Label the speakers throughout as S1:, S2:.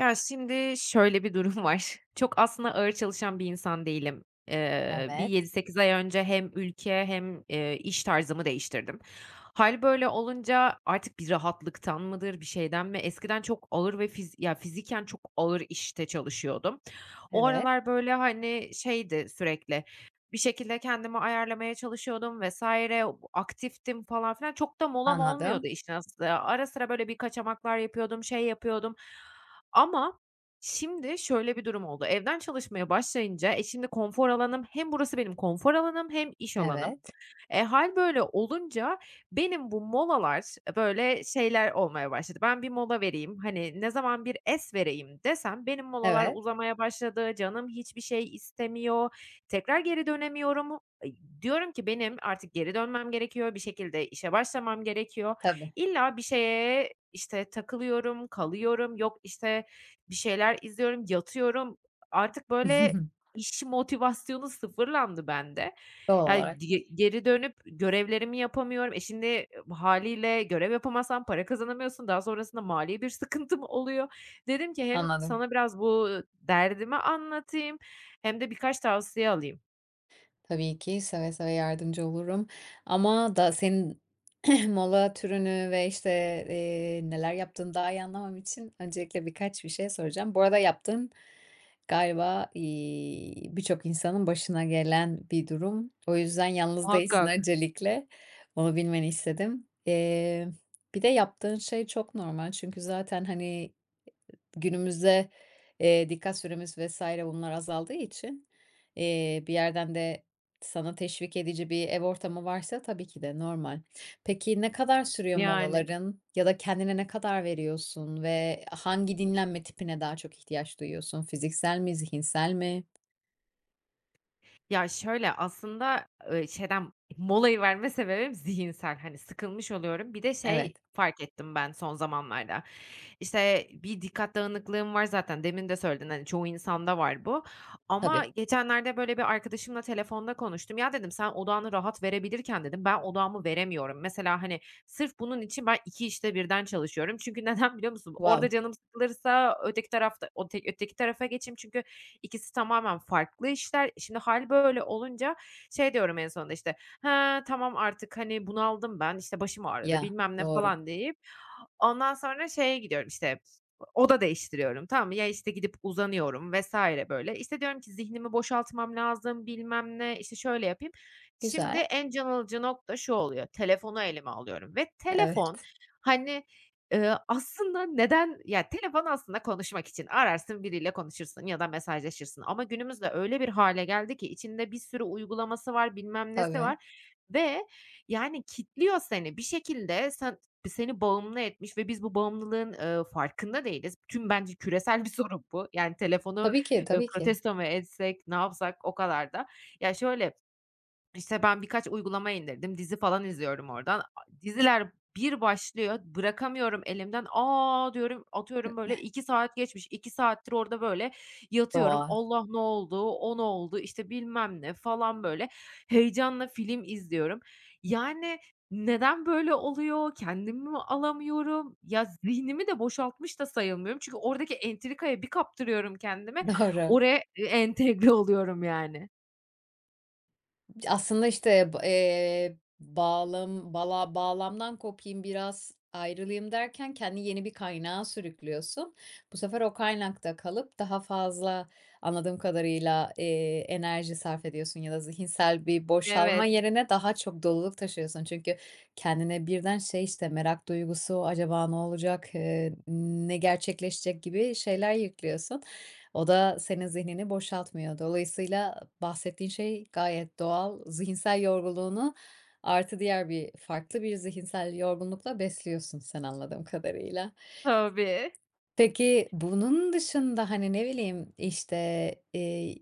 S1: Ya, şimdi, şöyle bir durum var. Çok aslında ağır çalışan bir insan değilim. Eee, bir yedi
S2: Evet.
S1: sekiz ay önce hem ülke hem, eee, iş tarzımı değiştirdim. Hâl böyle olunca artık bir rahatlıktan mıdır, bir şeyden mi? Eskiden çok ağır ve fiz ya fiziken çok ağır işte çalışıyordum. O
S2: Evet.
S1: aralar, böyle, hani, şeydi sürekli bir şekilde kendimi ayarlamaya çalışıyordum vs. aktiftim falan filan. Çok da molam olmuyordu
S2: Anladım.
S1: işin aslı. Ara sıra, böyle, bir kaçamaklar yapıyordum, şey yapıyordum. Ama, şimdi, şöyle bir durum oldu, evden çalışmaya başlayınca, e, şimdi konfor alanım hem burası benim konfor alanım hem iş alanım.
S2: Evet.
S1: E, hâl böyle olunca benim bu molalar e, böyle şeyler olmaya başladı, "Ben bir mola vereyim." hani, ne zaman bir es vereyim desem, benim molalar
S2: Evet.
S1: uzamaya başladı, canım hiçbir şey istemiyor, tekrar geri dönemiyorum, eee, diyorum ki: "Benim artık geri dönmem gerekiyor, bir şekilde işe başlamam gerekiyor."
S2: Tabii.
S1: İlla bir şeye, işte, takılıyorum, kalıyorum, yok, işte, bir şeyler izliyorum, yatıyorum. Artık, böyle, iş motivasyonu sıfırlandı bende.
S2: Doğal
S1: Ya,
S2: olarak.
S1: dige geri dönüp görevlerimi yapamıyorum. E, şimdi hâliyle görev yapamazsan para kazanamıyorsun. Daha sonrasında mali bir sıkıntım oluyor. Dedim ki hem
S2: Anladım.
S1: sana biraz bu derdimi anlatayım hem de birkaç tavsiye alayım.
S2: Tabii ki seve seve yardımcı olurum ama da senin mola türünü ve, işte, eee, neler yaptığını daha iyi anlamam için öncelikle birkaç bir şey soracağım. Bu arada yaptığın galiba, iii, birçok insanın başına gelen bir durum. O yüzden yalnız değilsin
S1: Muhakkak.
S2: öncelikle, onu bilmeni istedim. Eee, bir de yaptığın şey çok normal çünkü zaten, hani, günümüzde, eee, dikkat süremiz vs. bunlar azaldığı için, eee, bir yerden de sana teşvik edici bir ev ortamı varsa, tabii ki de normal. Peki ne kadar sürüyor
S1: Yani.
S2: molaların ya da kendine ne kadar veriyorsun ve hangi dinlenme tipine daha çok ihtiyaç duyuyorsun? Fiziksel mi? Zihinsel mi?
S1: Ya şöyle aslında, ııı, şeyden molayı verme sebebim zihinsel hani sıkılmış oluyorum. Bir de şey
S2: Evet.
S1: fark ettim ben son zamanlarda işte bir dikkat dağınıklığım var zaten demin de söyledin hani çoğu insanda var bu ama
S2: Tabii.
S1: geçenlerde böyle bir arkadaşımla telefonda konuştum. "Ya," dedim, "sen odağını rahat verebilirken," dedim, "ben odağımı veremiyorum." Mesela hani sırf bunun için ben 2 işte birden çalışıyorum. Çünkü neden biliyor musun? Orada
S2: Wow.
S1: canım sıkılırsa öteki tarafta ote öteki tarafa geçeyim çünkü ikisi tamamen farklı işler. Şimdi hâl böyle olunca şey diyorum en sonunda işte "Ha, tamam artık hani bunaldım ben işte başım ağrıdı
S2: Ya,
S1: bilmem ne."
S2: doğru.
S1: falan deyip ondan sonra şeye gidiyorum işte oda değiştiriyorum, tamam mı? Ya işte gidip uzanıyorum vs. böyle. İşte diyorum ki "Zihnimi boşaltmam lazım, bilmem ne, işte şöyle yapayım." Şimdi
S2: Güzel.
S1: en can alıcı nokta şu oluyor, telefonu elime alıyorum ve telefon
S2: Evet.
S1: hani, eee, aslında neden ya, telefon aslında konuşmak için. Ararsın biriyle konuşursun ya da mesajlaşırsın ama günümüzde öyle bir hâle geldi ki içinde bir sürü uygulaması var, bilmem nesi
S2: Tabii.
S1: var ve, yani, kitliyor seni. Bir şekilde sen seni bağımlı etmiş ve biz bu bağımlılığın, eee, farkında değiliz. Tüm bence küresel bir sorun bu. Yani telefonu,
S2: Tabii ki,
S1: eee,
S2: tabii ki.
S1: protesto mu etsek, ne yapsak o kadar da Ya şöyle işte ben birkaç uygulama indirdim, dizi falan izliyorum oradan a diziler bir başlıyor, bırakamıyorum elimden, "A!" diyorum,
S2: Hıh.
S1: atıyorum böyle "2 saat geçmiş." 2 saattir orada böyle yatıyorum.
S2: [unintelligible]
S1: "Allah! Ne oldu, o ne oldu? İşte bilmem ne." falan böyle heyecanla film izliyorum. Yani neden böyle oluyor, kendimi mi alamıyorum? Ya, zihnimi de boşaltmış da sayılmıyorum çünkü oradaki entrikaya bir kaptırıyorum kendimi,
S2: Doğru.
S1: oraya ı entegre oluyorum, yani.
S2: Ya, aslında, işte, b eee, bağlam bala bağlamdan kopayım biraz, ayrılayım derken kendini yeni bir kaynağa sürüklüyorsun, bu sefer o kaynakta kalıp daha fazla anladığım kadarıyla, eee, enerji sarf ediyorsun ya da zihinsel bir boşalma
S1: Evet.
S2: yerine daha çok doluluk taşıyorsun. Çünkü kendine birden şey, işte, merak duygusu, "Acaba ne olacak, eee, ne gerçekleşecek?" gibi şeyler yüklüyorsun. O da senin zihnini boşaltmıyor, dolayısıyla bahsettiğin şey gayet doğal. Zihinsel yorgunluğunu, artı diğer bir farklı bir zihinsel yorgunlukla besliyorsun sen anladığım kadarıyla.
S1: Tabii.
S2: Peki, bunun dışında, hani, ne bileyim, işte, eee,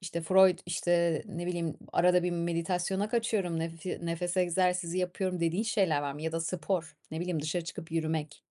S2: işte, Freud, işte, ne bileyim, "Arada bir meditasyona kaçıyorum, nefi nefes egzersizi yapıyorum." dediğin şeyler var mı? Ya da spor, ne bileyim, dışarı çıkıp yürümek?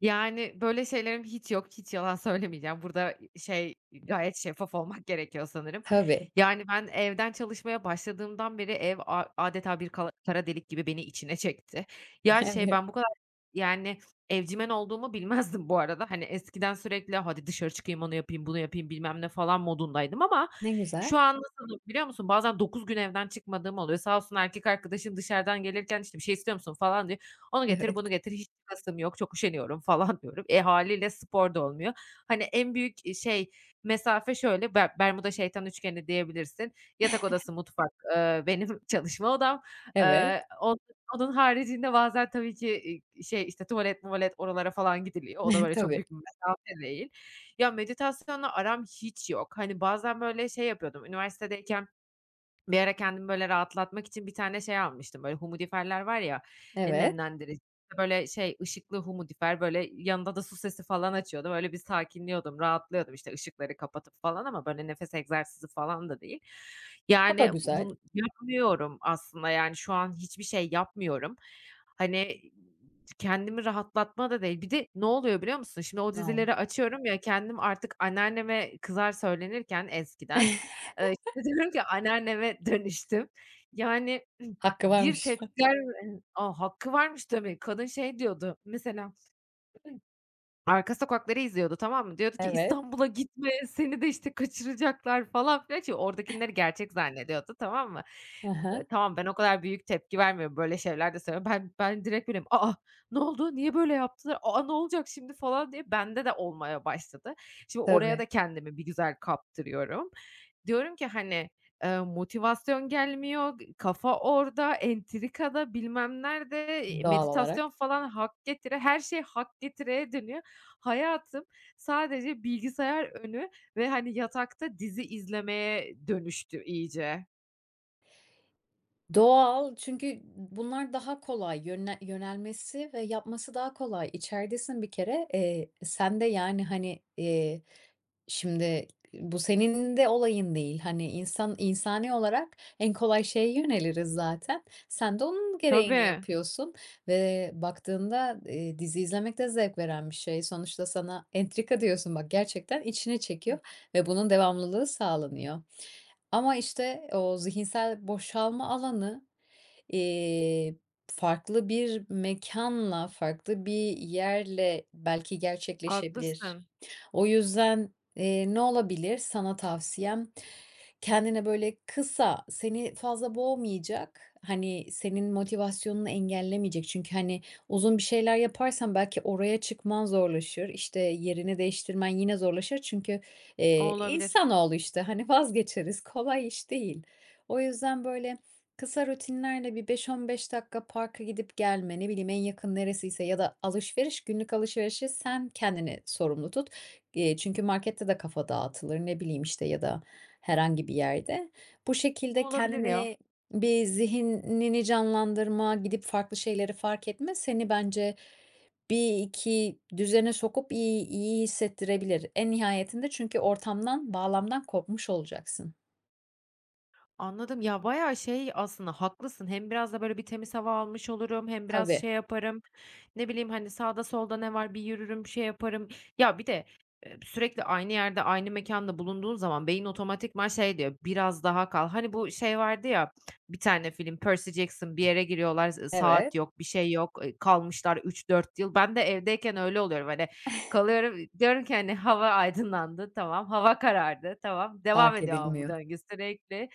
S1: Yani, böyle şeylerim hiç yok, hiç yalan söylemeyeceğim. Burada, şey, eee, gayet şeffaf olmak gerekiyor sanırım.
S2: Tabii.
S1: Yani, ben evden çalışmaya başladığımdan beri ev a âdeta bir kala kara delik gibi beni içine çekti. Ya, şey
S2: Evet.
S1: ben bu kadar, yani, evcimen olduğumu bilmezdim bu arada. Hani, eskiden sürekli "Hadi dışarı çıkayım, onu yapayım, bunu yapayım." bilmem ne falan modundaydım ama
S2: Ne güzel.
S1: şu an nasılım biliyor musun? Bazen 9 gün evden çıkmadığım oluyor. Sağ olsun erkek arkadaşım dışarıdan gelirken, işte, "Bir şey istiyor musun?" falan diyor. "Onu getir,
S2: Evet.
S1: bunu getir. Hiç çıkasım yok, çok üşeniyorum." falan diyorum. Eee, hâliyle spor da olmuyor. Hani, en büyük, eee, şey mesafe şöyle, Ber Bermuda Şeytan Üçgeni diyebilirsin. Yatak odası, mutfak, ııı, benim çalışma odam.
S2: Evet.
S1: Eee, on onun haricinde bazen tabii ki, i i şey, işte, tuvalet muvalet oralara falan gidiliyor. O da, böyle, çok
S2: Tabii.
S1: büyük bir mesafe değil. Ya, meditasyonla aram hiç yok. Hani, bazen, böyle, şey yapıyordum, üniversitedeyken bir ara kendimi, böyle, rahatlatmak için bir tane şey almıştım, böyle, humidifier'ler var ya, eee,
S2: Evet.
S1: nemlendirici, böyle, şey, ışıklı humidifier böyle, yanında da su sesi falan açıyordum, öyle bir sakinliyordum, rahatlıyordum, işte, ışıkları kapatıp falan ama, böyle, nefes egzersizi falan da değil.
S2: O da
S1: Yani, bu
S2: güzel.
S1: bunu yapmıyorum aslında, yani, şu an hiçbir şey yapmıyorum. Hani, kendimi rahatlatma da değil. Bir de ne oluyor biliyor musun? Şimdi, o
S2: [unintelligible]
S1: dizileri açıyorum ya, kendim artık anneanneme kızar, söylenirken eskiden, eee, işte diyorum ki anneanneme dönüştüm. Yani,
S2: Hakkı
S1: bir
S2: varmış.
S1: tepkiler, eee A, hakkı varmış demek. Kadın şey diyordu mesela, arka sokakları izliyordu, tamam mı, diyordu ki:
S2: Evet.
S1: "İstanbul'a gitme. Seni de, işte, kaçıracaklar." falan, filan. Şimdi, oradakileri gerçek zannediyordu, tamam mı?
S2: Hı
S1: Be
S2: hı.
S1: tamam, ben o kadar büyük tepki vermiyorum, böyle şeyler de söylüyorum. Ben ben direkt böyleyim, "A a, ne oldu, niye böyle yaptılar? A a, ne olacak şimdi?" falan diye bende de olmaya başladı. Şimdi, oraya da
S2: Tabii.
S1: kendimi bir güzel kaptırıyorum. Diyorum ki, hani, eee, "Motivasyon gelmiyor g kafa orada, entrikada, bilmem nerede." eee,
S2: Doğal olarak.
S1: meditasyon falan hak getire, her şey hak getireye dönüyor. Hayatım sadece bilgisayar önü ve, hani, yatakta dizi izlemeye dönüştü iyice.
S2: Doğal, çünkü bu bunlar daha kolay yönle yönelmesi ve yapması daha kolay. İçeridesin bir kere. Eee, sen de, yani, hani, iii, şimdi i bu senin de olayın değil. Hani, insan insani olarak en kolay şeye yöneliriz, zaten. Sen de onun gereğini
S1: Tabii.
S2: yapıyorsun. Ve baktığında, ııı, dizi izlemek de zevk veren bir şey; sonuçta sana, "Entrika." diyorsun, bak, gerçekten içine çekiyor ve bunun devamlılığı sağlanıyor. Ama, işte, o zihinsel boşalma alanı, iii, farklı bir mekânla, farklı bir yerle belki gerçekleşebilir.
S1: Haklısın.
S2: O yüzden, ııı, ne olabilir sana tavsiyem? Kendine, böyle, kısa, seni fazla boğmayacak, hani, senin motivasyonunu engellemeyecek, çünkü, hani, uzun bir şeyler yaparsan belki oraya çıkman zorlaşır, işte, yerini değiştirmen yine zorlaşır. Çünkü,
S1: O
S2: iii,
S1: olabilir.
S2: insanoğlu, işte, hani, vazgeçeriz, kolay iş değil. O yüzden, böyle, kısa rutinlerle bir 5-15 dakika parka gidip gelme, ne bileyim, en yakın neresiyse ya da alışveriş, günlük alışverişi sen kendini sorumlu tut. Eee, çünkü markette de kafa dağıtılır, ne bileyim, işte, ya da herhangi bir yerde. Bu
S1: Bu
S2: şekilde
S1: olabilir, ya.
S2: kendine, bir, zihnini canlandırma, gidip farklı şeyleri fark etme, seni bence bir, iki düzene sokup iyi iyi hissettirebilir. En nihayetinde çünkü ortamdan, bağlamdan kopmuş olacaksın.
S1: Anladım ya bayağı şey aslında haklısın, hem biraz da böyle bir temiz hava almış olurum, hem biraz
S2: Tabii.
S1: şey yaparım ne bileyim hani sağda solda ne var bir yürürüm şey yaparım ya bir de, eee, sürekli aynı yerde aynı mekânda bulunduğun zaman beyin otomatikman şey diyor, "Biraz daha kal." Hani bu şey vardı ya bir tane film Percy Jackson bir yere giriyorlar, ııı, z
S2: Evet.
S1: saat yok, bir şey yok, eee, kalmışlar 3-4 yıl. Ben de evdeyken öyle oluyorum, hani kalıyorum, diyorum ki hani "Hava aydınlandı, tamam, hava karardı, tamam, devam
S2: Fark
S1: ediyor." ama bu
S2: edilmiyor.
S1: döngü, sürekli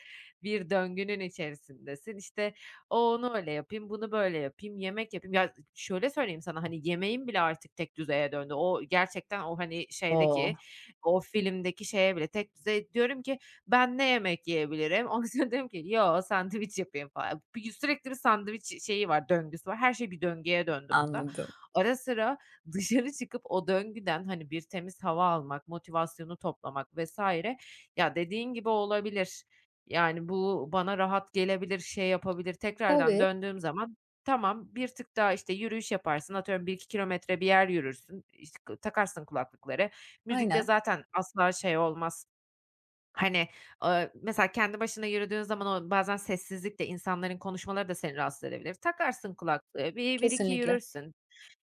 S1: bir döngünün içerisindesin işte "O onu öyle yapayım, bunu böyle yapayım, yemek yapayım." Ya z şöyle söyleyeyim sana hani yemeğim bile artık tekdüzeye döndü. O gerçekten o hani şeydeki,
S2: O.
S1: o filmdeki şeye bile tekdüzeye diyorum ki "Ben ne yemek yiyebilirim?" ondan sonra diyorum ki "Yok, sandviç yapayım falan." Bi sürekli bir sandviç ş şeyi var, döngüsü var. Her şey bir döngüye döndü burada.
S2: Anladım.
S1: Ara sıra dışarı çıkıp o döngüden hani bir temiz hava almak, motivasyonu toplamak vs. ya dediğin gibi olabilir. Yani bu bana rahat gelebilir, şey yapabilir, tekrardan
S2: Tabii.
S1: döndüğüm zaman tamam bir tık daha işte yürüyüş yaparsın, atıyorum 1-2 kilometre bir yer yürürsün, işte k takarsın kulaklıkları, müzikte
S2: Aynen.
S1: zaten asla şey olmaz hani, eee, mesela kendi başına yürüdüğün zaman o bazen sessizlikte insanların konuşmaları da seni rahatsız edebilir. Takarsın kulaklığı bir bir iki
S2: Kesinlikle.
S1: yürürsün,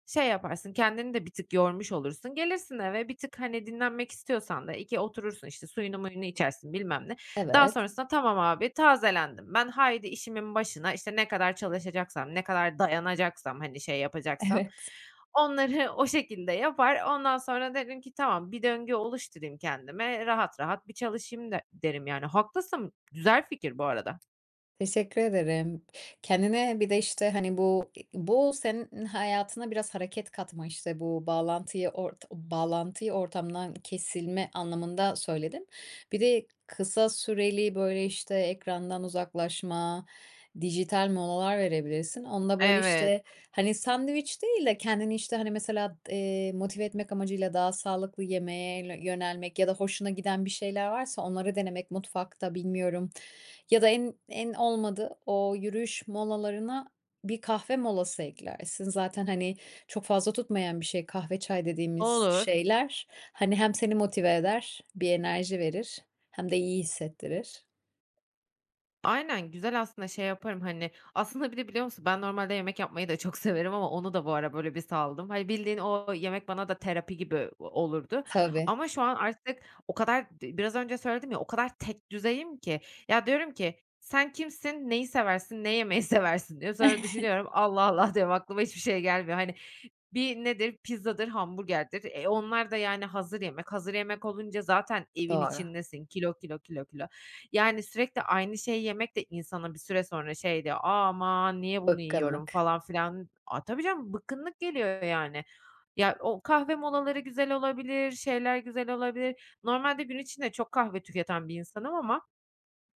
S1: şey yaparsın kendini de bir tık yormuş olursun, gelirsin eve bir tık hani dinlenmek istiyorsan da iki oturursun, işte suyunu muyunu içersin bilmem ne. Daha
S2: Evet.
S1: sonrasında "Tamam abi tazelendim ben, haydi işimin başına." işte ne kadar çalışacaksam, ne kadar dayanacaksam, hani şey yapacaksam
S2: Evet.
S1: onları o şekilde yapar. Ondan sonra derim ki "Tamam bir döngü oluşturayım kendime, rahat rahat bir çalışayım." de derim, yani, haklısın, güzel fikir bu arada.
S2: Teşekkür ederim. Kendine bir de, işte, hani, bu e bu senin hayatına biraz hareket katma, işte, bu bağlantıyı ort bağlantıyı ortamdan kesilme anlamında söyledin. Bir de kısa süreli, böyle, işte, ekrandan uzaklaşma, dijital molalar verebilirsin. Onda, böyle,
S1: Evet.
S2: işte, hani, sandviç değil de kendini, işte, hani, mesela, eee, motive etmek amacıyla daha sağlıklı yemeğe lö yönelmek ya da hoşuna giden bir şeyler varsa, onları denemek mutfakta, bilmiyorum. Ya da en en olmadı o yürüyüş molalarına bir kahve molası eklersin zaten, hani, çok fazla tutmayan bir şey kahve, çay dediğimiz
S1: Olur.
S2: şeyler, hani, hem seni motive eder, bir enerji verir hem de iyi hissettirir.
S1: Aynen, güzel aslında şey yaparım, hani Aslında, bir de biliyor musun ben normalde yemek yapmayı da çok severim ama onu da bu ara, böyle, bir saldım. Hani, bildiğin o yemek bana da terapi gibi o olurdu
S2: Tabii.
S1: ama şu an artık o kadar d biraz önce söyledim ya, o kadar tek düzeyim ki, ya, diyorum ki, "Sen kimsin, neyi seversin, ne yemeyi seversin?" diyorum. Sonra düşünüyorum, "Allah, Allah!" diyorum, "Aklıma hiçbir şey gelmiyor." Hani, bir nedir? Pizzadır, hamburgerdir. E, onlar da, yani, hazır yemek. Hazır yemek olunca zaten evin
S2: Doğru.
S1: içindesin. Kilo, kilo, kilo, kilo. Yani, sürekli aynı şeyi yemek de insana bir süre sonra şey diyor, "Aman, niye bunu yiyorum?"
S2: Bıkkınlık.
S1: falan filan A, tabii, canım bıkkınlık geliyor, yani. Ya, o kahve molaları güzel olabilir, şeyler güzel olabilir. Normalde gün içinde çok kahve tüketen bir insanım ama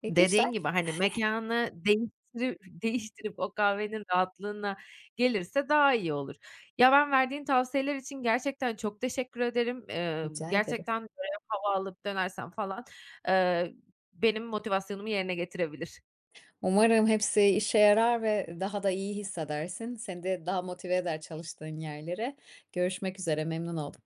S2: E, güzel.
S1: dediğin gibi, hani, mekânı değiştirü değiştirip o kahvenin rahatlığına gelirse daha iyi olur. Ya, ben verdiğin tavsiyeler için gerçekten çok teşekkür ederim, eee,
S2: Rica ederim.
S1: gerçekten, böyle, hava alıp dönersem, falan, eee, benim motivasyonumu yerine getirebilir.
S2: Umarım hepsi işe yarar ve ı daha da iyi hissedersin. Seni de daha motive eder çalıştığın yerlere. Görüşmek üzere, memnun oldum.